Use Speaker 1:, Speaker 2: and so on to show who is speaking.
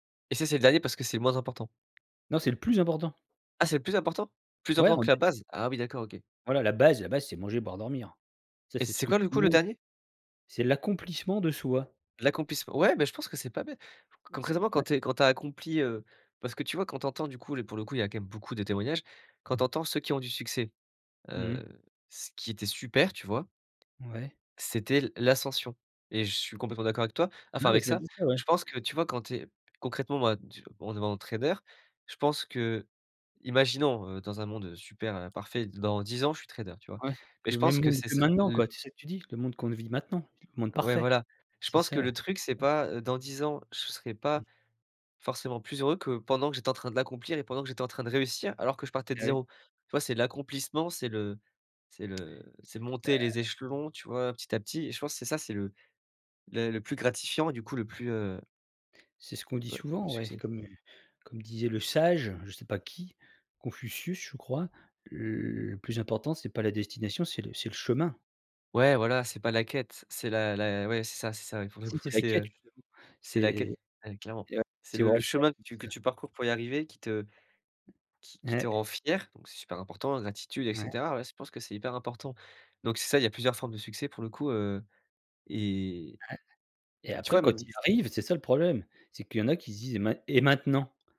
Speaker 1: Et ça, c'est le dernier parce que c'est le moins important.
Speaker 2: Non c'est le plus important.
Speaker 1: Ah c'est le plus important? Plus
Speaker 2: Ouais
Speaker 1: important
Speaker 2: en
Speaker 1: que
Speaker 2: d
Speaker 1: la base? Ah oui d'accord OK.
Speaker 2: Voilà la base la base c'est manger, boire, dormir. Ça
Speaker 1: Et
Speaker 2: c'est ce
Speaker 1: c'est
Speaker 2: que
Speaker 1: quoi
Speaker 2: tout
Speaker 1: du
Speaker 2: le
Speaker 1: coup le
Speaker 2: monde
Speaker 1: dernier?
Speaker 2: c'est l'accomplissement de soi.
Speaker 1: L'accomplissement. Ouais bah, je pense que c'est pas bê c
Speaker 2: Mmh, c'est
Speaker 1: concrètement, quand
Speaker 2: ouais.
Speaker 1: tu es quand tu as accompli, heu, parce que tu vois, quand tu entends du coup le pour le coup, il y a quand même beaucoup de témoignages, quand tu entends ceux qui ont du succès,
Speaker 2: Mmh mh.
Speaker 1: heu, ce qui était super, tu vois,
Speaker 2: Ouais.
Speaker 1: c'était l l'ascension et je suis complètement d'accord avec toi, enfin
Speaker 2: Ouais,
Speaker 1: avec
Speaker 2: c'est un
Speaker 1: ça.
Speaker 2: peu ça, ouais.
Speaker 1: Je pense que tu vois quand tu es concrètement moi, en devenant trader, je pense qu'imaginons, heu, dans un monde, heu, super, heu, parfait, dans 10 ans, je suis trader, tu vois?
Speaker 2: Ouais,
Speaker 1: Mais
Speaker 2: le
Speaker 1: je
Speaker 2: même
Speaker 1: pense que
Speaker 2: mood
Speaker 1: ce
Speaker 2: que
Speaker 1: sera
Speaker 2: maintenant,
Speaker 1: l
Speaker 2: quoi. C'est ça que tu dis? Le monde qu'on ne vit maintenant? Le monde
Speaker 1: Ouais,
Speaker 2: parfait?
Speaker 1: voilà. Je
Speaker 2: C'est
Speaker 1: pense que
Speaker 2: ça,
Speaker 1: le
Speaker 2: ouais.
Speaker 1: truc, c'est pas, heu, dans 10 ans. Je s serais pas
Speaker 2: Mmh.
Speaker 1: forcément plus heureux que pendant que j'étais en train de l'accomplir et pendant que j'étais en train de réussir alors que je partais de
Speaker 2: Ah oui.
Speaker 1: 0. Tu vois, c'est l'accomplissement, c'est le c'est le c'est
Speaker 2: Bah
Speaker 1: monter les échelons, tu vois, petit à petit et je pense c'est ça, c'est le la le plus gratifiant, du coup le plus, heu
Speaker 2: C'est ce qu'on
Speaker 1: heu,
Speaker 2: dit
Speaker 1: ouais,
Speaker 2: souvent ouais,
Speaker 1: succès.
Speaker 2: comme, heu, comme disait le sage, je sais pas qui, Confucius, je crois. Le plus important, c'est pas la destination, c'est le c'est le chemin.
Speaker 1: Ouais voilà, c'est pas la quête, c'est la la ouais c'est ça, c'est ça. Pour le
Speaker 2: Tu sais
Speaker 1: coup
Speaker 2: c'est la
Speaker 1: c'est,
Speaker 2: quête.
Speaker 1: heu, c'est la quête,
Speaker 2: [unintelligible] C'est
Speaker 1: ouais clairement. C'est le le chemin que
Speaker 2: [unintelligible]
Speaker 1: tu que
Speaker 2: ça.
Speaker 1: tu parcours pour y arriver qui te qui qui te
Speaker 2: Ouais.
Speaker 1: rend fier donc c'est super important la gratitude et
Speaker 2: Ouais.
Speaker 1: cetera, ouais. Je pense que c'est hyper important. Donc c'est ça, il y a plusieurs formes de succès pour le coup, heu et
Speaker 2: Ouais et
Speaker 1: et tu
Speaker 2: après
Speaker 1: vois
Speaker 2: quand
Speaker 1: même ç
Speaker 2: il arrive, c'est ça le problème, c'est qu'il y en a qui se disent: «Et main et maintenant?».